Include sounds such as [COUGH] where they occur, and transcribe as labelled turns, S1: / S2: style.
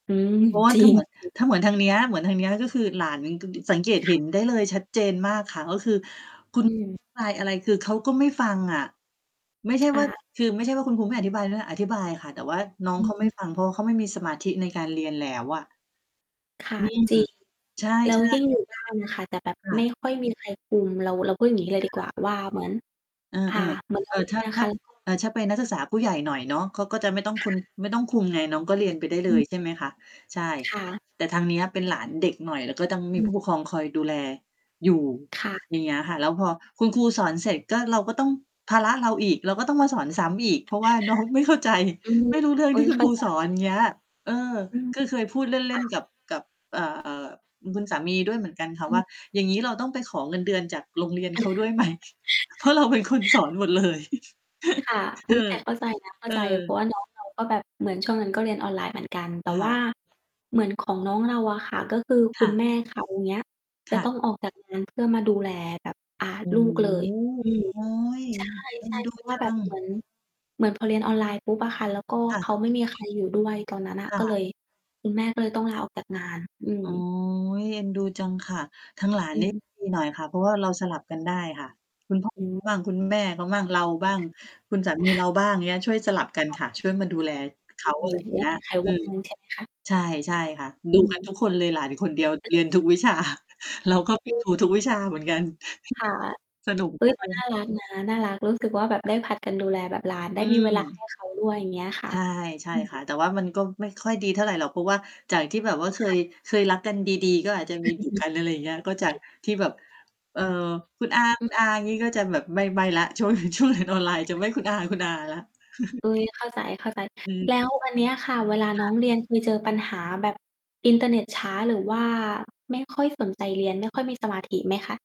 S1: อืม
S2: เพราะว่
S1: จ
S2: า
S1: ริ
S2: ถ้าเ
S1: ง
S2: หมือน ถ้าเหมือนทางเนี้ย เหมือนทางเนี้ย ก็คือหลาน [UNINTELLIGIBLE] สังเกต
S1: ค
S2: เ
S1: ่
S2: ห็นได้
S1: ะ
S2: เลยชัดเจนมากค่ะ ก็คือ
S1: อืม
S2: คุณ บายอะไร คือเขาก็ไม่ฟังอะ ไม่ใช
S1: ค
S2: ่
S1: ่
S2: ว่า
S1: ะ
S2: คือไม่ใช่ว่าคุณครูไม่อธิบายนะ อธิบายค่ะ แต่ว่าน้อ
S1: อ
S2: ง
S1: ื
S2: เข
S1: อ
S2: า
S1: ฮ
S2: ไม่
S1: ึ
S2: ฟัง เพราะว่าเขาไม่มีสมาธิในการเรียนแล้วอะ
S1: ค่ะ
S2: อืม
S1: จริง
S2: ใช่
S1: แล้วยิ่ง
S2: ๆ
S1: อยู่ บ้าน น่ะค่ะ แต่แบบ
S2: ค่
S1: ไม
S2: ะ
S1: ่ค่อยมีใครคุม เรา เราพูดอย่างนี้เลย
S2: ค
S1: ดีก
S2: ่ะ
S1: ว่าว่า เหมือน
S2: เออ
S1: อ่า เหมือน
S2: ๆ
S1: เร
S2: เอ
S1: าเ
S2: อ
S1: รี
S2: ถ
S1: ย
S2: ้
S1: น
S2: า
S1: อะ
S2: ถ
S1: ค
S2: ้า
S1: ะ แล้วก็
S2: เออ ถ้าเป็นนักศึกษาผู้ใหญ่หน่อยเนาะ เขาก็จะไม่ต้อง
S1: ค
S2: ค
S1: ่
S2: ุณ
S1: ะ
S2: ไม่ต้องคุมไงน้องก็เรียนไปได้
S1: อ
S2: เล
S1: ืม
S2: ย ใช่ไหมคะ ใช่
S1: ค่ะ
S2: แต่ทางเนี้ยเป็นหลานเด็กหน่อย แล้วก็ต้อง
S1: อ
S2: มีผู้ป
S1: ืม
S2: กครองคอยดูแลอยู่
S1: ค่ะ
S2: อย่างเงี้ยค่ะ แล้วพอคุณครูสอนเสร็จก็ เราก็ต้อง ภาระเราอีก เราก็ต้องมาสอนซ้ำอีก เพราะว่า น้องไม่เข้าใจ
S1: อืม
S2: ไม่รู้เรื่อ
S1: โ
S2: ง
S1: อ้
S2: ที
S1: ย
S2: ่คุ
S1: เข
S2: ณ
S1: ้
S2: ค
S1: า
S2: รู
S1: ใจ
S2: สอนอย่าง เงี้ย เออ
S1: อืม
S2: ก็เคยพูดเ
S1: ค
S2: ล่
S1: ่
S2: น ๆ
S1: ะ
S2: กับ กับ เอ่อ ๆ คุณสามีด้วยเหมือนกันค่
S1: อ
S2: ะ
S1: ื
S2: ว่
S1: ม
S2: า อย่างงี้เราต้องไปขอเงินเดือนจากโรงเรียนเขาด้วย
S1: [CHUCKLES]
S2: ไหม [CHUCKLES] เพราะเราเป็นคนสอนหมดเลย
S1: ค
S2: [CHUCKLES]
S1: ่ะ อ
S2: เอ
S1: ุ้ย
S2: อ
S1: แต่เข้าใจนะ เข้า
S2: เอ
S1: ใจ
S2: อ
S1: เพราะว่าน้องเราก็แบบเหมือนช่วงนั้นก็เรียนออนไลน์เหมือนกัน แต่
S2: ค
S1: ว
S2: ่
S1: ่า
S2: ะ
S1: เหมือนของน้องเราอะค่ะ ก็คือ
S2: ค
S1: คุ
S2: ่
S1: ณแ
S2: ะ
S1: ม่เขาเนี่ย
S2: ค
S1: จะ
S2: ่ะ
S1: ต้องออกจากงานเพื่อมาดูแลแบบ อ่า
S2: อื
S1: ลู
S2: ม
S1: กเลย อืม
S2: โอ้
S1: ใ
S2: ย เอ็
S1: ช
S2: น
S1: ่
S2: ด
S1: ๆ
S2: ู
S1: เพราะว่
S2: จ
S1: า
S2: ั
S1: แบบเห
S2: ง
S1: มือน เหมือนพอเรียน ออนไลน์ปุ๊บอะค่ะ แล้วก็
S2: ค่
S1: เข
S2: ะ
S1: าไม่มีใครอยู่ด้วยตอนนั้นน่ะ
S2: ค่
S1: ก็เ
S2: ะ
S1: ลย คุณแม่ก็เลยต้อง ลาออกจากงาน อื
S2: โ
S1: ม
S2: อ้ย เอ็นดูจังค่ะ ทางหลาน
S1: อื
S2: นี่
S1: ม
S2: ดีหน่อยค่ะ เพราะว่าเราสลับกันได้ค่ะ คุณ พ่อ
S1: อ
S2: เข
S1: ืม
S2: าบ้าง คุณแม่เขาบ้างเราบ้าง คุณสามีเรา
S1: [CHUCKLES]
S2: บ้างเงี้ย ช่วยสลับกัน
S1: ค่ะ
S2: ค่ะ ช่วยมาดูแลเขา
S1: อ
S2: อ
S1: ื
S2: ะไร
S1: ม
S2: อย่า
S1: ไ
S2: ง
S1: ม
S2: เ
S1: ่
S2: งี้
S1: ม
S2: ย
S1: ีใคร
S2: อ
S1: ว
S2: ื
S1: ่าง
S2: ม
S1: ใช่ไหมคะ?
S2: ใช่ ใช่ค่ะ ดู
S1: อื
S2: กันทุ
S1: ม
S2: กคนเลย หลานคนเดียวเรียนทุกวิชา [CHUCKLES] เราก็ไป
S1: อื
S2: ดู
S1: ม
S2: ทุกวิชาเหมือนกัน
S1: ค่ะ
S2: [CHUCKLES] สนุก
S1: อุ
S2: ม
S1: ้
S2: า
S1: ย
S2: กเ
S1: น
S2: ล
S1: ่
S2: ย
S1: ารักนะ น่ารัก รู้สึกว่าแบบได้ผลัดกันดูแลแบบหลานไ
S2: อ
S1: ด้มีเวลา
S2: ื
S1: ให
S2: ม
S1: ้เขาด้วย อย่างเงี้ยค่
S2: ใ
S1: ะ
S2: ช่ ใช่
S1: อื
S2: ค่ะ
S1: ม
S2: แต่ว่ามันก็ไม่ค่อยดีเท่าไรหรอก เพราะว่าจากที่แบบว่าเค
S1: ค่
S2: ย
S1: ะ
S2: เคยรักกันดี ๆ ก็อาจจะมีดุกัน อะไรอย่างเงี้ย ก็จาก
S1: [CHUCKLES]
S2: ที่แบบ เอ่อ คุณอา คุ
S1: อือ
S2: ณอางี้ ก็จะแบบไม่ ไม่แล้วช่วง ช่วงเรียนออนไลน์จะไม่คุณอา
S1: [UNINTELLIGIBLE]
S2: คุณอาแล้ว [CHUCKLES]
S1: อุ้ย เข้าใจ
S2: อืม
S1: ๆ แล้วอันเนี้ยค่ะ เวลา
S2: ค
S1: น้
S2: ่
S1: อ
S2: ะ
S1: งเรียนเคยเจอปัญหาแบบอินเทอร์เน็ตช้า หรือว่าไม่ค่อยสนใจเรียน ไม่ค่อยมีสมาธิไหมคะ?